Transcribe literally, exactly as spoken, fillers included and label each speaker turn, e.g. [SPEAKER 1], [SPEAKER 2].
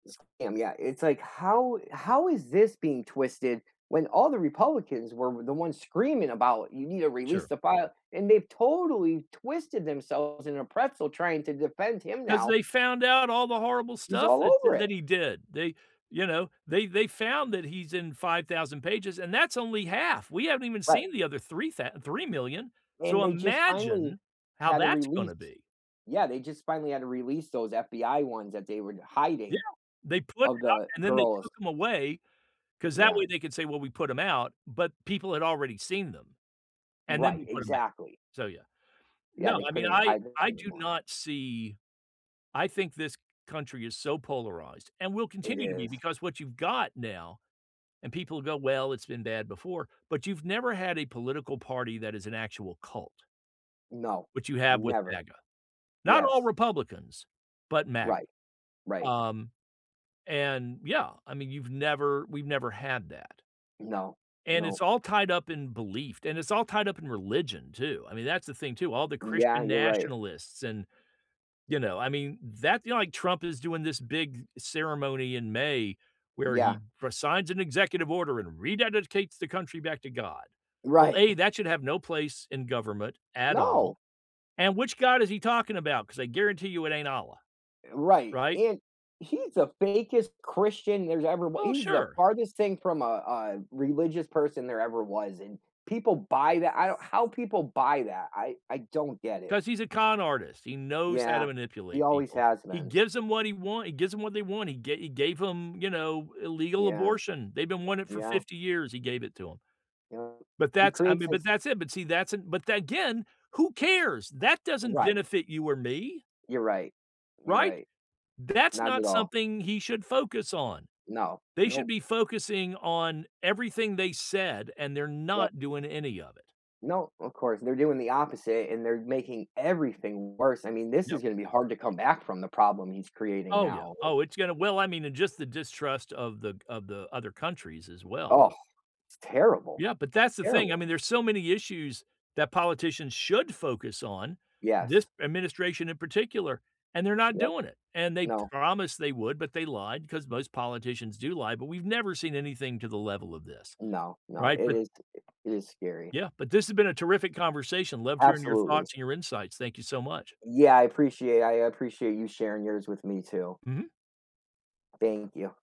[SPEAKER 1] Scam, yeah, it's, like, how how is this being twisted? When all the Republicans were w the ones screaming about, "You need to release
[SPEAKER 2] Sure.
[SPEAKER 1] the file," and they've totally twisted themselves in a pretzel trying to defend him
[SPEAKER 2] 'Cause
[SPEAKER 1] now.
[SPEAKER 2] they found out all the horrible
[SPEAKER 1] He's
[SPEAKER 2] stuff
[SPEAKER 1] all
[SPEAKER 2] that
[SPEAKER 1] over
[SPEAKER 2] that
[SPEAKER 1] it.
[SPEAKER 2] he did, they, you know they they found that he's in five thousand pages, and that's only half. We haven't even
[SPEAKER 1] Right.
[SPEAKER 2] seen the other three thou three million.
[SPEAKER 1] And
[SPEAKER 2] So
[SPEAKER 1] they just finally
[SPEAKER 2] imagine how
[SPEAKER 1] had to
[SPEAKER 2] that's
[SPEAKER 1] release
[SPEAKER 2] gonna be.
[SPEAKER 1] Yeah, they just finally had to release those FBI ones- that they were d
[SPEAKER 2] Yeah,
[SPEAKER 1] hiding-
[SPEAKER 2] they put it
[SPEAKER 1] of
[SPEAKER 2] out,
[SPEAKER 1] the
[SPEAKER 2] and then they
[SPEAKER 1] girls.
[SPEAKER 2] took 'em away 'cause that
[SPEAKER 1] Yeah.
[SPEAKER 2] way they could say, "Well, we put 'em out," but people had already seen them, and then they
[SPEAKER 1] Right,
[SPEAKER 2] put 'em back.
[SPEAKER 1] exactly.
[SPEAKER 2] So, yeah.
[SPEAKER 1] Yeah,
[SPEAKER 2] No,
[SPEAKER 1] they
[SPEAKER 2] I mean,
[SPEAKER 1] couldn't
[SPEAKER 2] I
[SPEAKER 1] hide this guy
[SPEAKER 2] I do
[SPEAKER 1] anymore.
[SPEAKER 2] not see I think this country is so polarized and will
[SPEAKER 1] It
[SPEAKER 2] continue to be
[SPEAKER 1] is.
[SPEAKER 2] because what you've got now and people go, "Well, it's been bad before," but you've never had a political party that is an actual cult
[SPEAKER 1] No.
[SPEAKER 2] which you have with
[SPEAKER 1] Never.
[SPEAKER 2] MAGA, not all
[SPEAKER 1] Yes.
[SPEAKER 2] Republicans, but MAGA,
[SPEAKER 1] Right. Right.
[SPEAKER 2] um, and Yeah, I mean, you've never we've never had that
[SPEAKER 1] No.
[SPEAKER 2] and
[SPEAKER 1] Nope.
[SPEAKER 2] it's all tied up in belief, and it's all tied up in religion too, I mean, that's the thing too, all the
[SPEAKER 1] Yeah,
[SPEAKER 2] Christian
[SPEAKER 1] you're right.
[SPEAKER 2] nationalists and, you know, I mean, that you know, like, Trump is doing this big ceremony in May, where
[SPEAKER 1] Yeah.
[SPEAKER 2] he re-signs an executive order, and rededicates the country back to God. Well,
[SPEAKER 1] Right.
[SPEAKER 2] A, that should have no place in government at
[SPEAKER 1] No.
[SPEAKER 2] all, and which God is he talking about, 'cause I guarantee you it ain't Allah.
[SPEAKER 1] Right,
[SPEAKER 2] Right?
[SPEAKER 1] and he's the fakest Christian there's ever wa
[SPEAKER 2] Well,
[SPEAKER 1] he's the
[SPEAKER 2] sure.
[SPEAKER 1] farthest thing from a a religious person there ever was, and people buy that, I don't How people buy that, I I don't get it.
[SPEAKER 2] 'Cause he's a con artist; he knows how
[SPEAKER 1] Yeah.
[SPEAKER 2] to
[SPEAKER 1] He
[SPEAKER 2] manipulate
[SPEAKER 1] always
[SPEAKER 2] people.
[SPEAKER 1] has
[SPEAKER 2] He
[SPEAKER 1] been.
[SPEAKER 2] gives 'em what he want He gives 'em what they want, he ga he gave 'em, you know, illegal
[SPEAKER 1] Yeah.
[SPEAKER 2] abortion, they've been wanting it for
[SPEAKER 1] Yeah.
[SPEAKER 2] fifty years, he gave it to 'em.
[SPEAKER 1] Yep,
[SPEAKER 2] But
[SPEAKER 1] he
[SPEAKER 2] that's I
[SPEAKER 1] creates
[SPEAKER 2] mean, but
[SPEAKER 1] this
[SPEAKER 2] that's it but see, that's an but again, who cares? That doesn't
[SPEAKER 1] Right.
[SPEAKER 2] benefit you or me.
[SPEAKER 1] You're right. You're
[SPEAKER 2] Right?
[SPEAKER 1] right.
[SPEAKER 2] That's
[SPEAKER 1] Not at
[SPEAKER 2] not
[SPEAKER 1] all.
[SPEAKER 2] something he should focus on.
[SPEAKER 1] No,
[SPEAKER 2] They should
[SPEAKER 1] nope.
[SPEAKER 2] be focusing on everything they said, and they're
[SPEAKER 1] Yep.
[SPEAKER 2] not doing any of it.
[SPEAKER 1] No, of course, they're doing the opposite, and they're making everything worse, I mean, this is
[SPEAKER 2] Yep.
[SPEAKER 1] gonna be hard to come back from, the problem he's creating
[SPEAKER 2] Oh, yeah,
[SPEAKER 1] now, like
[SPEAKER 2] oh, it's gonna Well, I mean, just the distrust of the g of the other countries as well.
[SPEAKER 1] Oh, it's terrible.
[SPEAKER 2] Yeah, but that's the thing, I
[SPEAKER 1] Terrible.
[SPEAKER 2] mean, there's so many issues that politicians should focus on, this
[SPEAKER 1] Yes.
[SPEAKER 2] administration in particular, and they're not
[SPEAKER 1] Yep.
[SPEAKER 2] doing it, and they
[SPEAKER 1] No.
[SPEAKER 2] promised they would, but they lied, 'cause most politicians do lie, but we've never seen anything to the level of this.
[SPEAKER 1] No, no,
[SPEAKER 2] Right?
[SPEAKER 1] it
[SPEAKER 2] But
[SPEAKER 1] is it is scary.
[SPEAKER 2] Yeah, but this has been a terrific conversation loved hearing your
[SPEAKER 1] Absolutely.
[SPEAKER 2] thoughts, and your insights, thank you so much.
[SPEAKER 1] Yeah, I appreciate I appreciate you sharing yours with me too.
[SPEAKER 2] Mhm.
[SPEAKER 1] Thank you.